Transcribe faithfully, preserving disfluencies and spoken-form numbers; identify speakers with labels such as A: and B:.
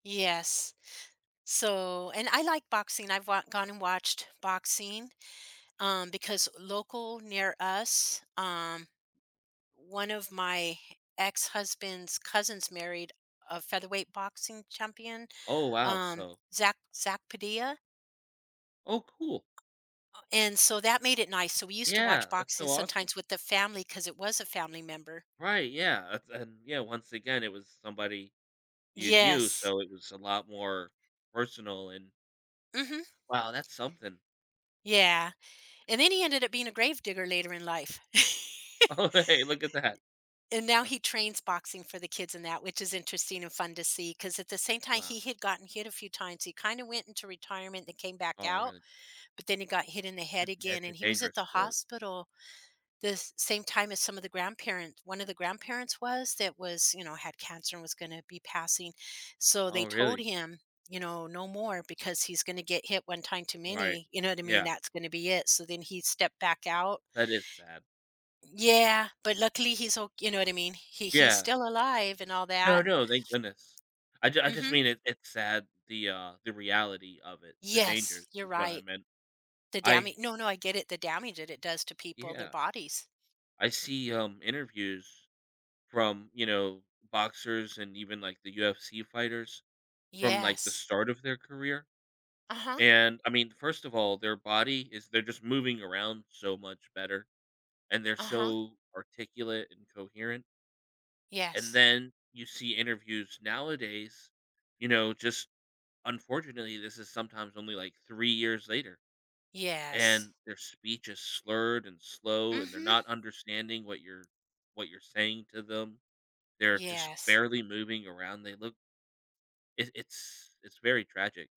A: Yes. So, and I like boxing, I've wa gone and watched boxing, um, because local near us, um, one of my ex-husband's cousins married a featherweight boxing champion,
B: Oh, wow,
A: um,
B: so
A: Zack Zack Padilla
B: Oh, cool.
A: and so that made it nice, so we used to
B: Yeah,
A: watch
B: that's
A: boxing
B: so awesome.
A: sometimes with the family 'cause it was a family member
B: Right, yeah, it's and yeah, once again, it was somebody you knew,
A: Yes.
B: so it was a lot more personal and
A: Mhm.
B: Wow, that's something.
A: Yeah, and then he ended up being a grave digger later in life.
B: Oh, hey, look at that.
A: And now
B: Wha
A: he trains boxing for the kids and that, which is interesting and fun to see 'cause at the same time
B: Wow.
A: he had gotten hit a few times, he kinda went into retirement and came back
B: Oh,
A: out,
B: really?
A: but then he got hit in the
B: D
A: head again
B: it's a
A: and he was at
B: dangerous
A: the
B: sport.
A: hospital the same time as some of the grandparent one of the grandparents was that was, you know, had cancer and was gonna be passing, so they
B: Oh,
A: told
B: really?
A: him, you know, no more because he's gonna get hit one time too
B: Right,
A: many, you know what I mean,
B: yeah.
A: that's gonna be it. So then he stepped back out
B: That is sad.
A: Yeah, but luckily he's o you know what I mean? He he's
B: Yeah.
A: still alive and all
B: No,
A: that
B: no, thank goodness. I j I just
A: Mhm.
B: mean it it's sad, the, uh, the reality of it, the
A: Yes,
B: danger
A: you're
B: is what I
A: right.
B: meant.
A: The dama
B: I
A: no, no, I get it, the damage that it does to people, their
B: Yeah.
A: bodies.
B: I see, um, interviews from, you know, boxers and even, like, the UFC fighters from, like, the
A: Yes.
B: start of their career
A: Uh-huh.
B: and I mean, first of all, their body is they're just moving around so much better, and they're
A: Uh-huh.
B: so articulate and coherent and
A: Yes.
B: then you see interviews nowadays, you know, just unfortunately, this is sometimes only, like, three years later
A: Yes.
B: and their speech is slurred and slow, and they're
A: Mhm.
B: not understanding what you're what you're saying to them. They're just
A: Yes.
B: barely moving around, they look It it's it's very tragic.